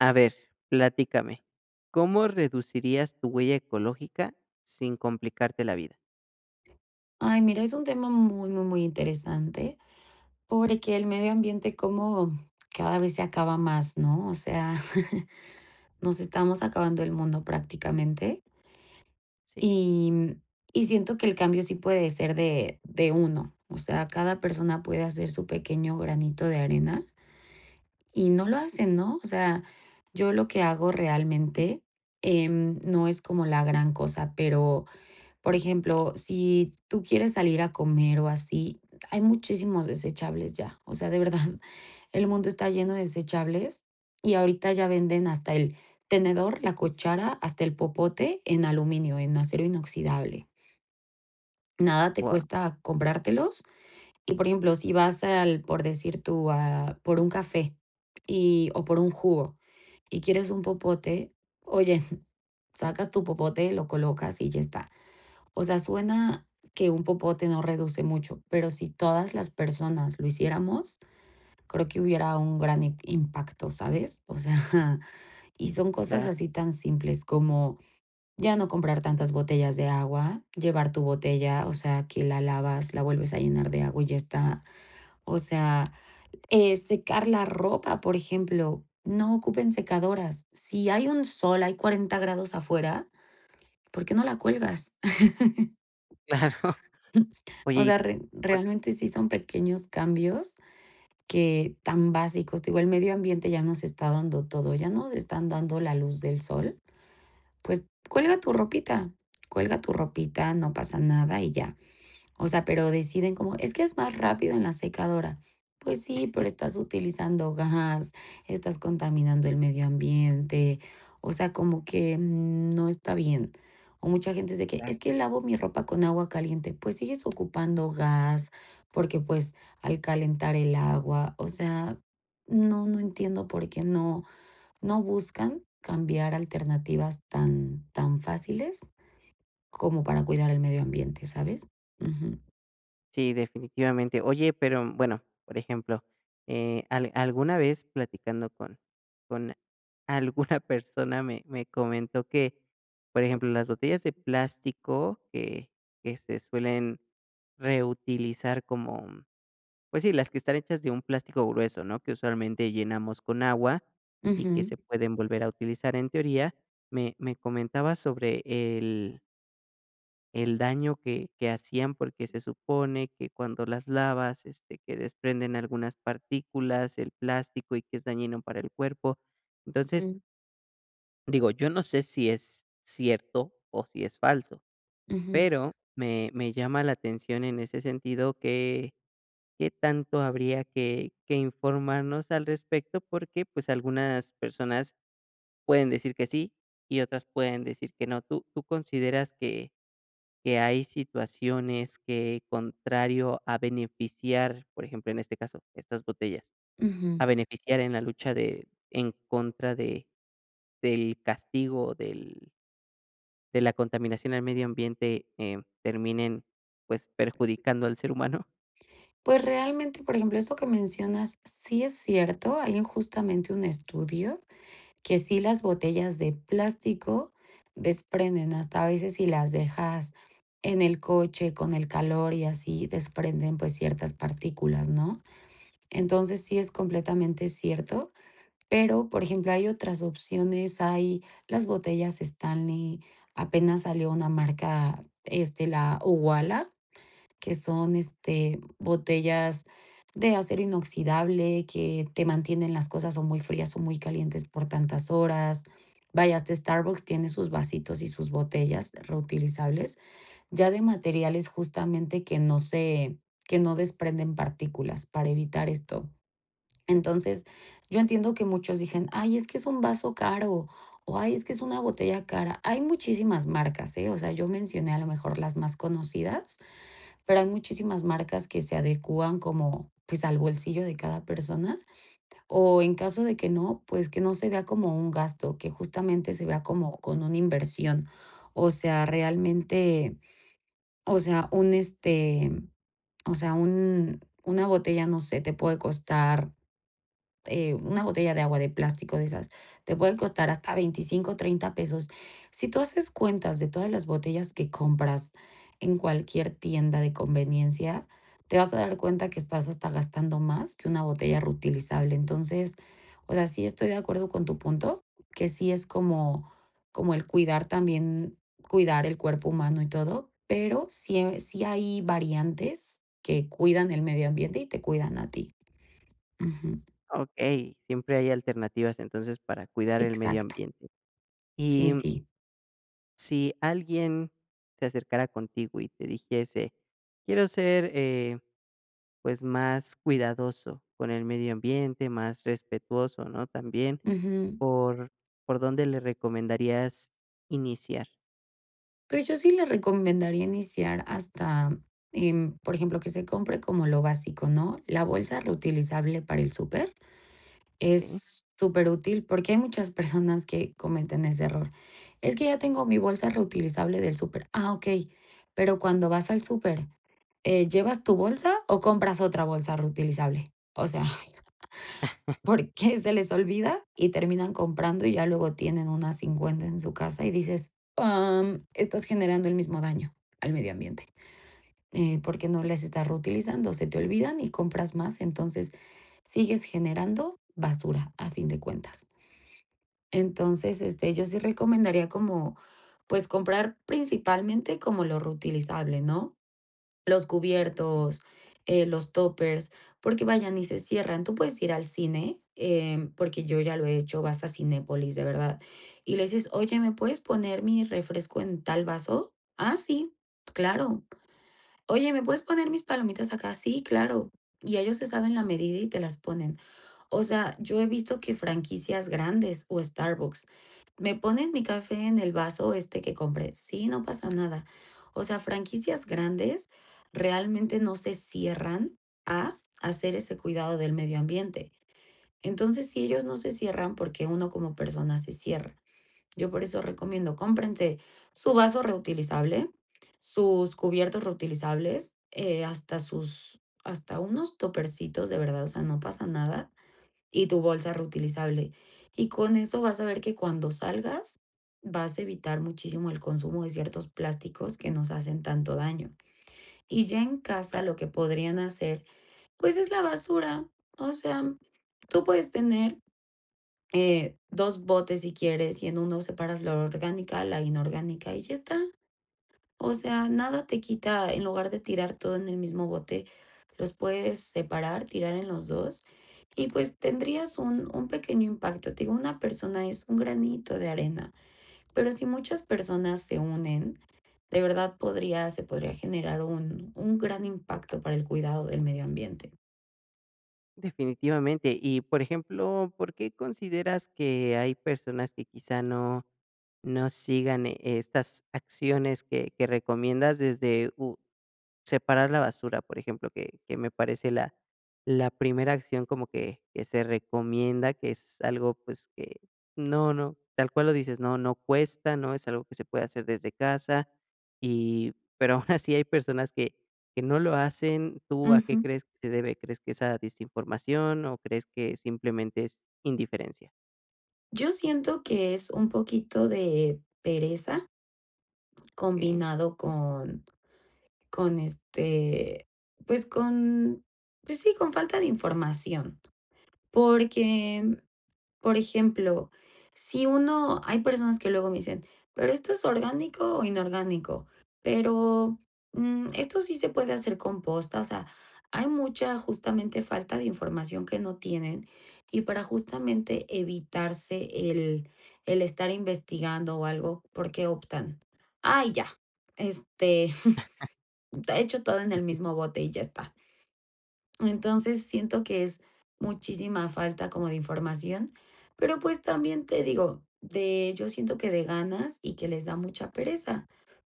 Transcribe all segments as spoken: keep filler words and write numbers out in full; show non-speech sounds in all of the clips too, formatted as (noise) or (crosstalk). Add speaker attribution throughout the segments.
Speaker 1: A ver, platícame, ¿cómo reducirías tu huella ecológica sin complicarte la vida?
Speaker 2: Ay, mira, es un tema muy, muy, muy interesante, porque el medio ambiente como cada vez se acaba más, ¿no? O sea, (chuckles) nos estamos acabando el mundo prácticamente
Speaker 1: Sí.
Speaker 2: y mm, y siento que el cambio sí puede ser de de uno. O sea, cada persona puede hacer su pequeño granito de arena y no lo hacen, ¿no? O sea, yo lo que hago realmente, em, no es como la gran cosa, pero, por ejemplo, si tú quieres salir a comer o así, hay muchísimos desechables ya. O sea, de verdad, el mundo está lleno de desechables y ahorita ya venden hasta el tenedor, la cuchara, hasta el popote en aluminio, en acero inoxidable. Nada te
Speaker 1: Wao.
Speaker 2: cuesta comprártelos. Y, por ejemplo, si vas al por decir tú, a por un café y o por un jugo y quieres un popote, oye, sacas tu popote, lo colocas y ya está. O sea, suena que un popote no reduce mucho, pero si todas las personas lo hiciéramos, creo que hubiera un gran im impacto, ¿sabes? O sea, (chuckles) y son cosas
Speaker 1: Va.
Speaker 2: así tan simples como ya no comprar tantas botellas de agua, llevar tu botella, o sea, que la lavas, la vuelves a llenar de agua y ya está. O sea, eh, secar la ropa, por ejemplo, no ocupen secadoras. Si hay un sol, hay cuarenta grados afuera, ¿por qué no la cuelgas? (chuckles)
Speaker 1: Claro.
Speaker 2: O
Speaker 1: Oye y
Speaker 2: sea, re
Speaker 1: por
Speaker 2: realmente sí son pequeños cambios que tan básicos, digo, el medio ambiente ya nos está dando todo, ya nos están dando la luz del sol. Pues, cuelga tu ropita, cuelga tu ropita, no pasa nada y ya. O sea, pero deciden como es que es más rápido en la secadora. Pues sí, pero
Speaker 1: (chuckles)
Speaker 2: estás utilizando gas, estás contaminando el medio ambiente, o sea, como que, mm, no está bien. O mucha gente dice que
Speaker 1: (unintelligible)
Speaker 2: es que lavo mi ropa con agua caliente, pues sigues ocupando gas porque, pues, al calentar el agua, o sea, no, no entiendo por qué no no buscan cambiar alternativas tan tan fáciles como para cuidar el medio ambiente, ¿sabes? Ujú.
Speaker 1: Sí, definitivamente. Oye, pero, bueno, por ejemplo, eh, al alguna vez platicando con con alguna persona me me comentó que, por ejemplo, las botellas de plástico que que se suelen reutilizar como, mm pues sí, las que están hechas de un plástico grueso, ¿no?, que usualmente llenamos con agua y que
Speaker 2: Ujú.
Speaker 1: se pueden volver a utilizar en teoría, me me comentaba sobre el el daño que que hacían, porque se supone que cuando las lavas, este, que desprenden algunas partículas, el plástico, y que es dañino para el cuerpo. Entonces
Speaker 2: Mm.
Speaker 1: Digo, yo no sé, si es cierto o si es falso.
Speaker 2: Ujú.
Speaker 1: Pero me me llama la atención en ese sentido que Qué tanto habría que que informarnos al respecto porque, pues, algunas personas pueden decir que sí y otras pueden decir que no. ¿Tú tú consideras que que hay situaciones que, contrario a beneficiar, por ejemplo, en este caso, estas botellas,
Speaker 2: Ujú.
Speaker 1: a beneficiar en la lucha de en contra de del castigo del de la contaminación al medio ambiente, em, terminen, pues, perjudicando al ser humano?
Speaker 2: Pues, realmente, por ejemplo, eso que mencionas sí es cierto, hay justamente un estudio que sí las botellas de plástico desprenden. Hasta a veces si las dejas en el coche con el calor y así desprenden, pues, ciertas partículas, ¿no? Entonces sí es completamente cierto. Pero, por ejemplo, hay otras opciones, hay las botellas Stanley, apenas salió una marca, este, la Uwala, que son, este, botellas de acero inoxidable que te mantienen las cosas o muy frías o muy calientes por tantas horas. Vaya, hasta Starbucks tiene sus vasitos y sus botellas reutilizables, ya de materiales justamente que no se que no desprenden partículas para evitar esto. Entonces, yo entiendo que muchos dicen, ay, es que es un vaso caro o ay, es que es una botella cara. Hay muchísimas marcas, ¿eh? O sea, yo mencioné a lo mejor las más conocidas, pero hay muchísimas marcas que se adecuan como, pues, al bolsillo de cada persona. O en caso de que no, que no se vea como un gasto que justamente se vea como con una inversión o sea realmente o sea un este o sea un una botella no sé te puede costar eh, una botella de agua de plástico de esas, te pueden costar hasta veinticinco, treinta pesos. Si tú haces cuentas de todas las botellas que compras en cualquier tienda de conveniencia, te vas a dar cuenta que estás hasta gastando más que una botella reutilizable. Entonces, o sea, sí estoy de acuerdo con tu punto, que sí es como como el cuidar también cuidar el cuerpo humano y todo, pero sí eh, sí hay variantes que cuidan el medio ambiente y te cuidan a ti. Ujú.
Speaker 1: Okey. Siempre hay alternativas, entonces, para cuidar el medio
Speaker 2: Exacto.
Speaker 1: ambiente.
Speaker 2: Sí,
Speaker 1: Y mm
Speaker 2: sí.
Speaker 1: Si alguien se acercara contigo y te dijese: "Quiero ser, eh, pues, más cuidadoso con el medio ambiente, más respetuoso", ¿no?, también,
Speaker 2: Ujú.
Speaker 1: ¿por por dónde le recomendarías iniciar?
Speaker 2: Pues, yo sí les recomendaría iniciar hasta, em, por ejemplo, que se compre como lo básico, ¿no? La bolsa reutilizable para el súper
Speaker 1: Okey.
Speaker 2: es superútil porque hay muchas personas que cometen ese error. Es que ya tengo mi bolsa reutilizable del súper. Ah, okey. Pero cuando vas al súper, eh, ¿llevas tu bolsa o compras otra bolsa reutilizable? O sea, (chuckles)
Speaker 1: (laughs)
Speaker 2: porque se les olvida y terminan comprando y ya
Speaker 1: E
Speaker 2: luego tienen unas cincuenta en su casa. Y dices, am, estás generando el mismo daño al medio ambiente, eh, porque no les estás reutilizando. Se te olvidan y compras más. Entonces, sigues generando basura a fin de cuentas. Entonces, este, yo sí recomendaría como, pues comprar principalmente como lo reutilizable, ¿no? Los
Speaker 1: Okey.
Speaker 2: cubiertos, eh, los tuppers, porque vaya ni se cierran. Tú puedes ir al cine, eh, porque yo ya lo he hecho, vas a Cinépolis, de verdad, y les dices, oye, ¿me puedes poner mi refresco en tal vaso? Ah, sí, claro. Oye, ¿me puedes poner mis palomitas acá? Sí, claro. Y ellos se saben la medida y te las ponen. O sea, yo he visto que franquicias grandes o Starbucks me pones mi café en el vaso este que compré. Sí, no pasa nada. O sea, franquicias grandes realmente no se cierran a hacer ese cuidado del medio ambiente. Entonces, sí ellos no se cierran porque uno como persona se cierra. Yo por eso recomiendo cómprense su vaso reutilizable, sus cubiertos reutilizables, eh, hasta sus hasta unos tuppercitos, de verdad, o sea, no pasa nada, y tu bolsa reutilizable. Y con eso vas a ver que cuando salgas vas a evitar muchísimo el consumo de ciertos plásticos que nos hacen tanto daño. Y ya en casa
Speaker 1: Claro.
Speaker 2: lo que podrían hacer, pues es la basura, o sea, tú puedes tener eh, dos botes si quieres y en uno separas la orgánica, la inorgánica y ya está. O sea, nada te quita, en lugar de tirar todo en el mismo bote, los puedes separar, tirar en los dos, y pues tendrías un un pequeño impacto. Te digo, una persona es un granito de arena. Pero si muchas personas se unen, de verdad podría se podría generar un un gran impacto para el cuidado del medio ambiente. Ujú.
Speaker 1: Definitivamente. Y por ejemplo, ¿por qué consideras que hay personas que quizá no no sigan e estas acciones que que recomiendas desde u separar la basura?, por ejemplo, que que me parece la la primera acción como que que se recomienda, que es algo, pues, que No no, tal cual lo dices, no no cuesta, no es algo que se puede hacer desde casa, y pero aún así hay personas que que no lo hacen. ¿Tú a qué
Speaker 2: Ujú.
Speaker 1: crees que se debe? ¿Crees que es a desinformación o crees que simplemente es indiferencia?
Speaker 2: Yo siento que es un poquito de pereza
Speaker 1: Okey.
Speaker 2: combinado con con este, pues con pues sí, con falta de información. Porque, por ejemplo, si uno Hay personas que luego me dicen: "¿Pero esto es orgánico o inorgánico? Pero, mm, ¿esto sí se puede hacer composta?", o sea, hay mucha justamente falta de información que no tienen y para justamente evitarse el el estar investigando o algo, ¿por qué optan? Ay, ya. Este,
Speaker 1: (chuckles)
Speaker 2: (chuckles) ta Echo todo en el
Speaker 1: (unintelligible)
Speaker 2: mismo bote y ya está. Entonces, siento que es muchísima falta como de información. Pero, pues, también te digo de yo siento que de ganas y que les da mucha pereza.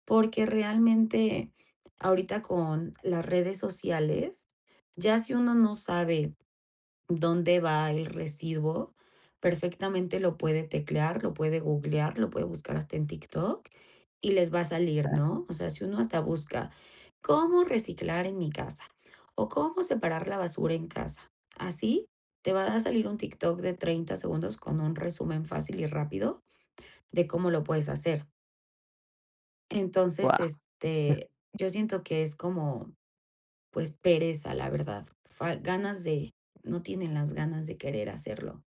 Speaker 2: Porque realmente ahorita con las redes sociales, ya si uno no sabe dónde va el residuo, perfectamente lo puede teclear, lo puede googlear, lo puede buscar hasta en TikTok y les va a salir,
Speaker 1: (unintelligible)
Speaker 2: ¿no? O sea, si uno hasta busca cómo reciclar en mi casa o cómo separar la basura en casa, así, te va a salir un TikTok de treinta segundos con un resumen fácil y rápido de cómo lo puedes hacer. Entonces,
Speaker 1: Wao. (chuckles)
Speaker 2: este, yo siento que es como, pues pereza, la verdad. Fal Ganas de No tienen las ganas de querer hacerlo.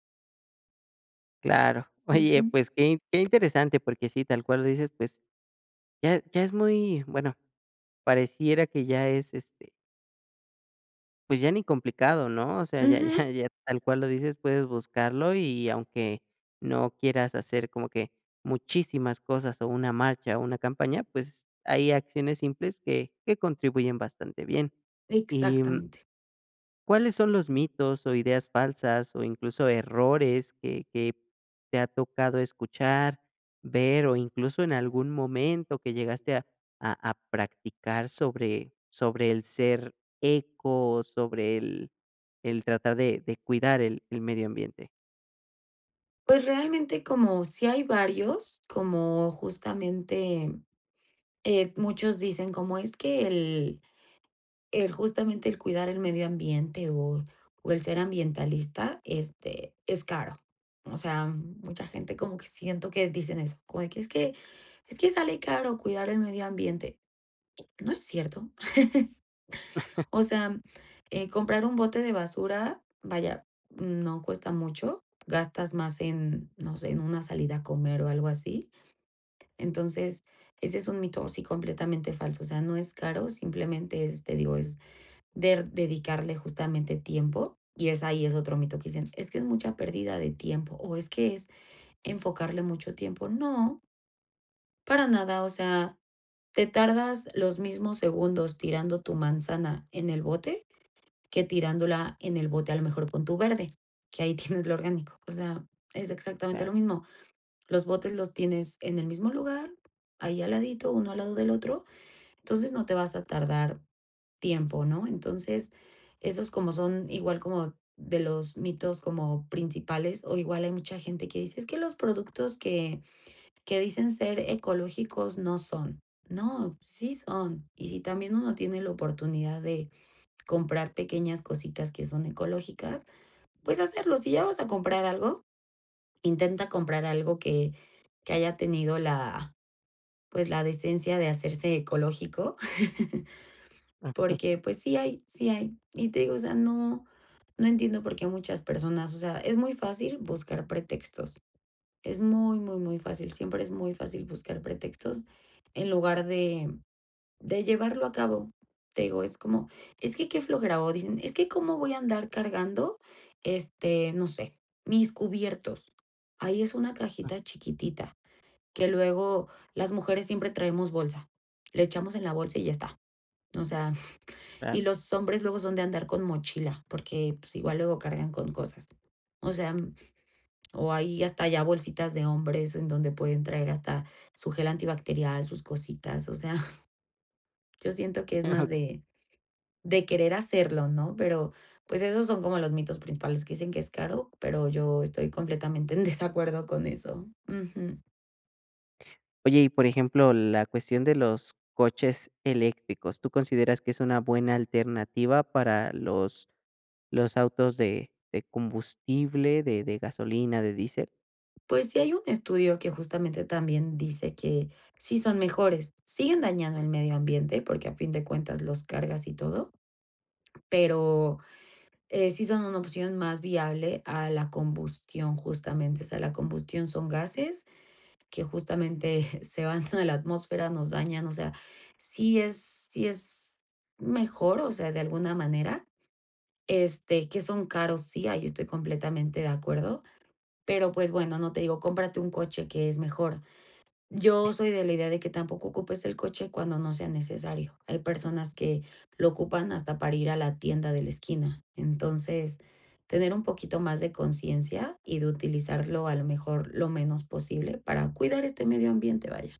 Speaker 1: Claro, oye,
Speaker 2: Ujú.
Speaker 1: pues, que que interesante, porque sí, tal cual lo dices, pues, ya ya es muy bueno, pareciera que ya es, este pues ya ni complicado, ¿no?, o sea, ya ya
Speaker 2: Ujú.
Speaker 1: ya tal cual lo dices, puedes buscarlo y, aunque no quieras hacer como que muchísimas cosas, o una marcha, o una campaña, pues, hay acciones simples que que contribuyen bastante bien, y
Speaker 2: Exactamente.
Speaker 1: ¿cuáles son los mitos, o ideas falsas, o incluso errores que que te ha tocado escuchar, ver, o incluso en algún momento que llegaste a a practicar sobre sobre el ser eco, o sobre el el tratar de de cuidar el el medio ambiente?
Speaker 2: Pues, realmente como sí hay varios, como justamente, eh, muchos dicen como es que el el justamente "El cuidar el medio ambiente o o el ser ambientalista, este, es caro", o sea, mucha gente como que siento que dicen eso, como de que es que: "Es que sale caro cuidar el medio ambiente", no es cierto, (chuckles)
Speaker 1: (chuckles)
Speaker 2: o sea, eh, comprar un bote de basura, vaya, no cuesta mucho, gastas más en, no sé, en una salida a comer o algo así, entonces, ese es un mito, sí, completamente falso, o sea, no es caro, simplemente es, te digo, es der dedicarle justamente tiempo y es ahí es otro mito que dicen: "Es que es mucha pérdida de tiempo, o es que es enfocarle mucho tiempo", no para nada, o sea, te tardas los mismos segundos tirando tu manzana en el bote que tirándola en el bote a lo mejor pon tu verde, que ahí tienes lo orgánico, o sea, es exactamente
Speaker 1: Claro.
Speaker 2: lo mismo, los botes los tienes en el mismo lugar, ahí al ladito, uno al lado del otro, entonces no te vas a tardar tiempo, ¿no?, entonces esos como son igual como de los mitos como principales, o igual hay mucha gente que dice: "Es que los productos que que dicen ser ecológicos no son", no, sí son, y si también uno tiene la oportunidad de comprar pequeñas cositas que son ecológicas, pues, hacerlo, si ya vas a comprar, algo intenta comprar algo que que haya tenido la pues, la decencia de hacerse ecológico, (chuckles)
Speaker 1: (unintelligible)
Speaker 2: porque, pues, sí hay, sí hay, y te digo, o sea, no no entiendo por qué muchas personas, o sea, es muy fácil buscar pretextos, es muy, muy, muy fácil, siempre es muy fácil buscar pretextos en lugar de de llevarlo a cabo, te digo, es como, es que qué flojera, o dicen, es que cómo voy a andar cargando, este, no sé, mis cubiertos, ahí es una
Speaker 1: Mm.
Speaker 2: cajita chiquitita que luego las mujeres siempre traemos bolsa, le echamos en la bolsa y ya está, o sea, y
Speaker 1: Claro.
Speaker 2: los hombres luego son de andar con mochila, porque, pues, igual luego cargan con cosas, o sea, o hay hasta ya bolsitas de hombres en donde pueden traer hasta su gel antibacterial, sus cositas, o sea yo siento que es más
Speaker 1: (unintelligible)
Speaker 2: de de querer hacerlo, ¿no?, pero, pues, esos son como los mitos principales que dicen que es caro, pero yo estoy completamente en desacuerdo con eso, ujú.
Speaker 1: Oye, y por ejemplo, la cuestión de los coches eléctricos, ¿tú consideras que es una buena alternativa para los los autos de de combustible, de de gasolina, de diésel?
Speaker 2: Pues, sí hay un estudio que justamente también dice que sí son mejores. Siguen dañando el medio ambiente porque a fin de cuentas los cargas y todo, pero, eh, sí son una opción más viable a la combustión, justamente. O sea, la combustión son gases que justamente se van a la atmósfera, nos dañan. O sea, sí es sí es mejor, o sea, de alguna manera, este, que son caros, sí, ahí estoy completamente de acuerdo, pero, pues, bueno, no te digo, cómprate un coche que es mejor. Yo soy de la idea de que tampoco ocupes el coche cuando no sea necesario, hay personas que lo ocupan hasta para ir a la tienda de la esquina. Entonces, tener un poquito más de conciencia y de utilizarlo, a lo mejor, lo menos posible para cuidar este medio ambiente, vaya.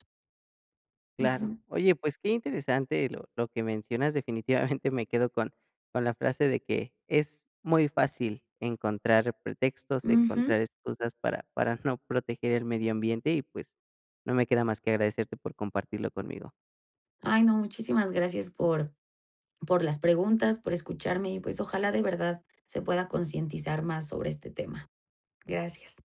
Speaker 1: Claro,
Speaker 2: Ujú.
Speaker 1: oye, pues, qué interesante lo lo que mencionas. Definitivamente me quedo con con la frase de que es muy fácil encontrar pretextos,
Speaker 2: Ujú.
Speaker 1: encontrar excusas para para no proteger el medio ambiente y, pues, no me queda más que agradecerte por compartirlo conmigo.
Speaker 2: Ay, no, muchísimas gracias por por las preguntas, por escucharme y, pues, ojalá, de verdad, se pueda concientizar más sobre este tema, gracias.